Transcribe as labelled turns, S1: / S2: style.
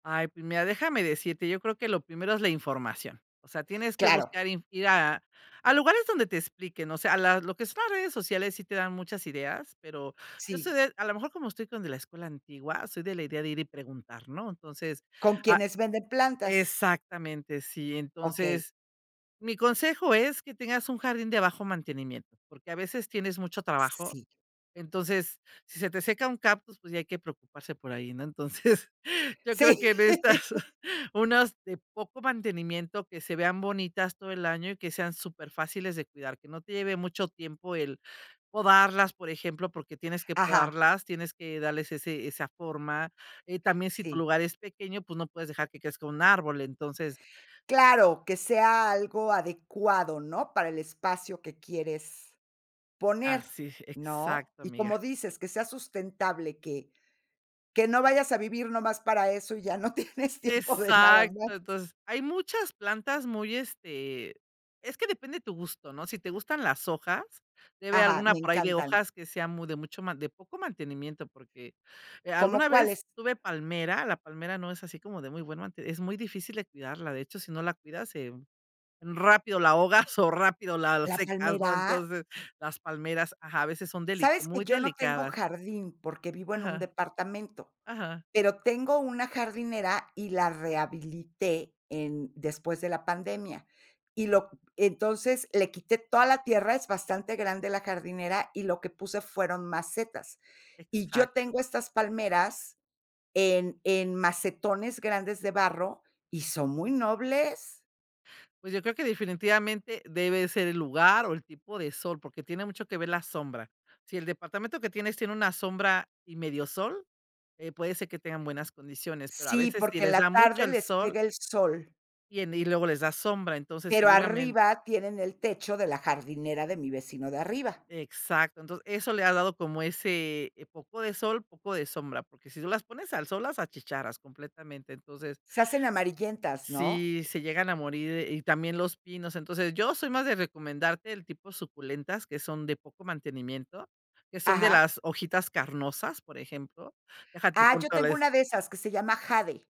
S1: Ay, pues mira, déjame decirte, yo creo que lo primero es la información. O sea, tienes que
S2: Claro.
S1: buscar inf ir a a lugares donde te expliquen, o sea, la lo que son las redes sociales sí te dan muchas ideas, pero yo
S2: Sí.
S1: soy de a lo mejor, como estoy con de la escuela antigua, soy de la idea de ir y preguntar, ¿no? Entonces,
S2: ¿Con
S1: ah,
S2: quienes venden plantas?
S1: exactamente, sí.
S2: Okey.
S1: Entonces, mi consejo es que tengas un jardín de bajo mantenimiento, porque a veces tienes mucho trabajo,
S2: Sí.
S1: entonces, si se te seca un cactus, pues ya hay que preocuparse por ahí, ¿no? Entonces, yo creo
S2: Sí.
S1: que en estas, unas de poco mantenimiento, que se vean bonitas todo el año y que sean superfáciles de cuidar, que no te lleve mucho tiempo el podarlas, por ejemplo, porque tienes que
S2: Ajá.
S1: podarlas, tienes que darles ese esa forma. Eh también, si tu
S2: Sí.
S1: lugar es pequeño, pues, no puedes dejar que crezca un árbol, entonces.
S2: Claro, que sea algo adecuado, ¿no? Para el espacio que quieres poner,
S1: Así,
S2: ¿no?
S1: exacto
S2: Y,
S1: amiga.
S2: como dices, que sea sustentable, que, que no vayas a vivir nomás para eso, y ya no tienes tiempo de nada
S1: Exacto.
S2: más.
S1: Entonces, hay muchas plantas muy este, es que depende tu gusto, ¿no? Si te gustan las hojas, debe haber
S2: Ajá,
S1: alguna
S2: me
S1: por ahí de
S2: encantan.
S1: hojas que sea muy de mucho más, de poco mantenimiento, porque,
S2: ¿Como
S1: alguna vez
S2: cuáles?
S1: tuve palmera, la palmera no es así como de muy buena, es muy difícil de cuidarla, de hecho, si no la cuidas, se rápido la ahogas o rápido la
S2: ¿La
S1: secas, ¿no?
S2: palmera?
S1: Entonces, las palmeras, ajá, a veces son deli
S2: Sabes que
S1: muy
S2: yo no tengo
S1: delicadas.
S2: jardín, porque vivo en un
S1: Ajá,
S2: departamento,
S1: ajá.
S2: pero tengo una jardinera, y la rehabilité en después de la pandemia. Y lo entonces, le quité toda la tierra, es bastante grande la jardinera, y lo que puse fueron macetas. Y yo
S1: Exacto.
S2: tengo estas palmeras, en en macetones grandes de barro, y son muy nobles.
S1: Pues, yo creo que definitivamente debe ser el lugar o el tipo de sol, porque tiene mucho que ver la sombra. Si el departamento que tienes tiene una sombra y medio sol, eh puede ser que tengan buenas condiciones, pero a
S2: Sí,
S1: veces, si
S2: porque en
S1: les da
S2: la
S1: mucho
S2: tarde
S1: el
S2: les
S1: sol
S2: pega el sol.
S1: y en y luego les da sombra, entonces
S2: Pero
S1: seguramente.
S2: arriba tienen el techo de la jardinera de mi vecino de arriba.
S1: Exacto, entonces, eso le ha dado como ese poco de sol, poco de sombra, porque si tú las pones al sol, las achicharras completamente. Entonces
S2: Se hacen amarillentas, ¿no?
S1: sí, se llegan a morir, y también los pinos. Entonces, yo soy más de recomendarte el tipo suculentas, que son de poco mantenimiento, que son de
S2: Ajá.
S1: las hojitas carnosas, por ejemplo. Deja, te
S2: Ah, yo
S1: apunto
S2: tengo
S1: les
S2: una de esas, que se llama Jade.